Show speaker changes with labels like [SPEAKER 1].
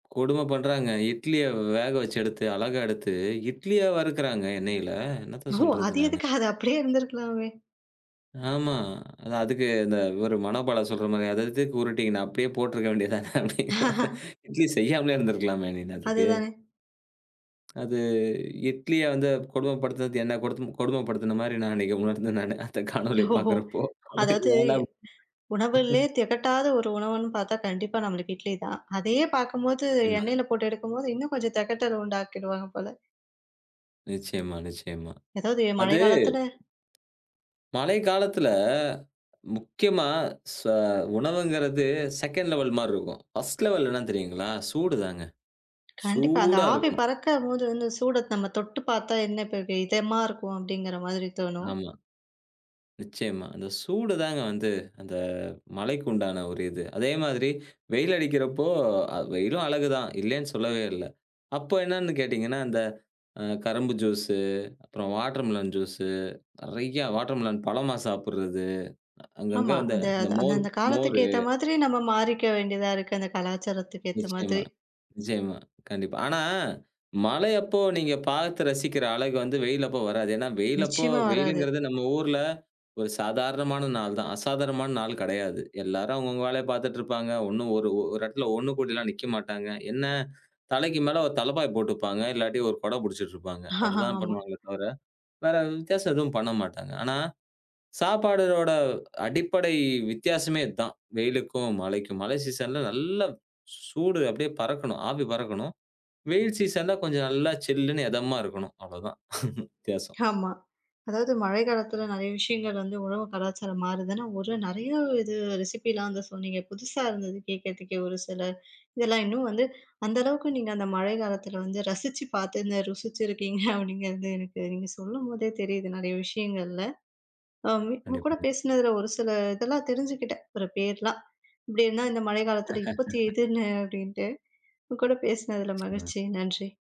[SPEAKER 1] கொடும பண்றான்ங்க. இட்லிய வேக வச்சு எடுத்து, அழகா எடுத்து, இட்லியா வறுக்கிறான்ங்க, எண்ணெயில. என்னத்த
[SPEAKER 2] ஓ!
[SPEAKER 1] சொல்றது
[SPEAKER 2] அது
[SPEAKER 1] நானு!
[SPEAKER 2] எதுக்கு? அது அப்படியே இருந்திருக்கலாமே!
[SPEAKER 1] ஆமா. அந்த அதுக்கு இந்த இவரு மனோபால சொல்ற மாரி அத எதுக்கு உருட்டி நா அப்படியே போட்டிருக்க வேண்டியது தானே! அப்டிங்குற மாரி இட்லி செய்யாமலே இருந்திருக்கலாமே! நீனு அதுக்கு.
[SPEAKER 2] அதுதானே.
[SPEAKER 1] அது இட்லிய வந்து கொடுமைப்படுத்தினது, என்னை படுதுன்னது கொடுமைப்படுத்தின மாரி, நான் அன்னைக்கு உணர்ந்தேன் நானு, அந்த காணொளிய
[SPEAKER 2] ஓ!
[SPEAKER 1] பாக்கிறப்போ,
[SPEAKER 2] அதாவது
[SPEAKER 1] ஏன்டா
[SPEAKER 2] உணவுலயே தெகட்டாத ஒரு உணவுன்னு பாத்தா கண்டிப்பா நம்மளுக்கு இட்லி தான். அதையே பாக்கும்போது
[SPEAKER 1] [unintelligible]
[SPEAKER 2] எண்ணெயில போட்டு எடுக்கும்போது, இன்னும் கொஞ்சம் தெகட்டல உண்டாக்கிடுவாங்க போல.
[SPEAKER 1] நிச்சயமா, நிச்சயமா.
[SPEAKER 2] எதாவது மழை
[SPEAKER 1] அது,
[SPEAKER 2] காலத்தில
[SPEAKER 1] மழை காலத்துல முக்கியமா ச உணவுங்குறது செகண்ட் லெவல் மாரி இருக்கும். ஃபர்ஸ்ட் லெவல் என்னான்னு தெரியுங்களா? சூடு தாங்க.
[SPEAKER 2] கண்டிப்பா, அந்த
[SPEAKER 1] சூடா
[SPEAKER 2] ஆவி
[SPEAKER 1] இருக்கணும்.
[SPEAKER 2] பறக்கறபோது வந்து, சூட "நம்ம தொட்டுப் பாத்தா, என்ன இப்ப வே இதமா இருக்கும்" அப்படிங்கிற மாதிரி தோணும்.
[SPEAKER 1] ஆமா. நிச்சயமா. அந்த சூடு தாங்க வந்து, அந்த மழைக்கு உண்டான ஒரு இது. அதே மாதிரி வெயில் அடிக்கிறப்போ அ வெயிலும் அழகு தான் இல்லைன்னு சொல்லவே இல்லை. அப்ப என்னான்னு கேட்டிங்கன்னா, அந்த அ கரும்பு ஜூஸு, அப்புறம் வாட்டர்மெலன் ஜூஸு, நெறையா வாட்டர்மெலன் பழமா சாப்பிடறது, அங்கங்கே
[SPEAKER 2] ஆமா.
[SPEAKER 1] அந்த
[SPEAKER 2] அந்த
[SPEAKER 1] இந்த
[SPEAKER 2] அது
[SPEAKER 1] மோர்
[SPEAKER 2] அந்தந்த காலத்துக்கு
[SPEAKER 1] மோரு!
[SPEAKER 2] ஏத்த மாதிரி நம்ம மாறிக்க வேண்டியதா இருக்கு, அந்த கலாச்சாரத்துக்கு ஏத்த மாதிரி.
[SPEAKER 1] நிச்சயமா, நிச்சயமா. கண்டிப்பா. ஆனா மழை அப்போ நீங்க பாத்து ரசிக்கிற அழகு வந்து வெயில் அப்போ வராது. ஏன்னா வெயில் அப்போ
[SPEAKER 2] நிச்சயமா, வராது.
[SPEAKER 1] வெயிலுங்கிறது நம்ம ஊர்ல ஒரு சாதாரணமான நாள் தான், அசாதாரணமான நாளு கிடையாது. எல்லாரும் அவங்கவங்க வேலைய பாத்துட்டுருப்பாங்க, ஒண்ணும் ஒரு ஒரு இடத்துல ஒண்ணு கூடிலாம் நிக்க மாட்டாங்க. என்னா, தலைக்கு மேலே ஒரு தலப்பாய போட்டுப்பாங்க, இல்லாட்டி 1 கொட பிடிச்சிட்டுருப்பாங்க. அவ்வளோ தான்
[SPEAKER 2] ஆமா.
[SPEAKER 1] பண்ணுவாங்களே தவிர வேற வித்தியாசம் எதுவும் பண்ண மாட்டாங்க. ஆனா, சாப்பாடோட அடிப்படை வித்தியாசமே இதுதான், வெயிலுக்கும், மழைக்கும். மழை சீசன்ல நல்லா சூடு அப்டியே பறக்கணும், ஆவி பறக்கணும். வெயில் சீசன்ல கொஞ்சம் நல்லா சில்லுன்னு எதமா இருக்கணும். அவ்வளதான் வித்தியாசம்.
[SPEAKER 2] ஆமா. அதாவது மழை காலத்தில நெறைய விஷயங்கள் வந்து உணவு கலாச்சாரம் மாறுதுன்னா, ஒரு நெறைய இது ரெசிப்பிலாம் வந்து சொன்னீங்க. புதுசா இருந்தது கேக்கிறதுக்கே! ஒரு சில இதெல்லாம் இன்னும் வந்து அந்த அளவுக்கு நீங்க அந்த மழை காலத்தில வந்து ரசிச்சு பாத்து இந்த ருசிச்சிருக்கீங்க அப்படிங்கிறது எனக்கு நீங்க சொல்லும்போதே தெரியுது, நெறைய விஷயங்கள்ல. அ உ உங்க கூட
[SPEAKER 1] கண்டிப்பாங்க.
[SPEAKER 2] பேசுனதில, ஒரு சில இதெல்லாம் தெரிஞ்சுக்கிட்டேன், ஒரு பேர்லாம். எப்படின்னா, இந்த மழை காலத்தில இப்பத்திய இதுன்னு அப்படின்ட்டு. உங்க கூட பேசுனதில
[SPEAKER 1] நிச்சயமா.
[SPEAKER 2] மகிழ்ச்சி, நன்றி.